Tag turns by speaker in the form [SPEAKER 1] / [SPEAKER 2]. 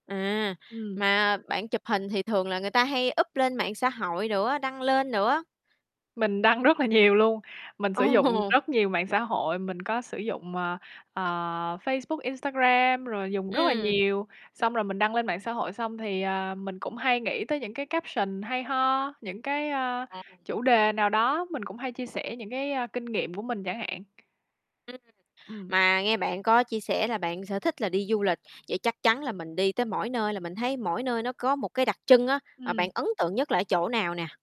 [SPEAKER 1] À,
[SPEAKER 2] Ừm.
[SPEAKER 1] mà bạn chụp hình thì thường là người ta hay up lên mạng xã hội nữa, đăng lên nữa.
[SPEAKER 2] Mình đăng rất là nhiều luôn, mình
[SPEAKER 1] Ồ!
[SPEAKER 2] sử dụng rất nhiều mạng xã hội, mình có sử dụng, ờ, ờ, Facebook, Instagram rồi dùng rất là
[SPEAKER 1] Ừm.
[SPEAKER 2] nhiều. Xong rồi mình đăng lên mạng xã hội xong thì, ờ, mình cũng hay nghĩ tới những cái caption hay ho, những cái, ơ,
[SPEAKER 1] Ồ.
[SPEAKER 2] chủ đề nào đó, mình cũng hay chia sẻ những cái, a, kinh nghiệm của mình chẳng hạn.
[SPEAKER 1] Ừm,
[SPEAKER 2] Ừm.
[SPEAKER 1] mà nghe bạn có chia sẻ là bạn sở thích là đi du lịch, vậy chắc chắn là mình đi tới mỗi nơi là mình thấy mỗi nơi nó có một cái đặc trưng á, mà bạn
[SPEAKER 2] Ừm.
[SPEAKER 1] ấn tượng nhất là ở chỗ nào nè?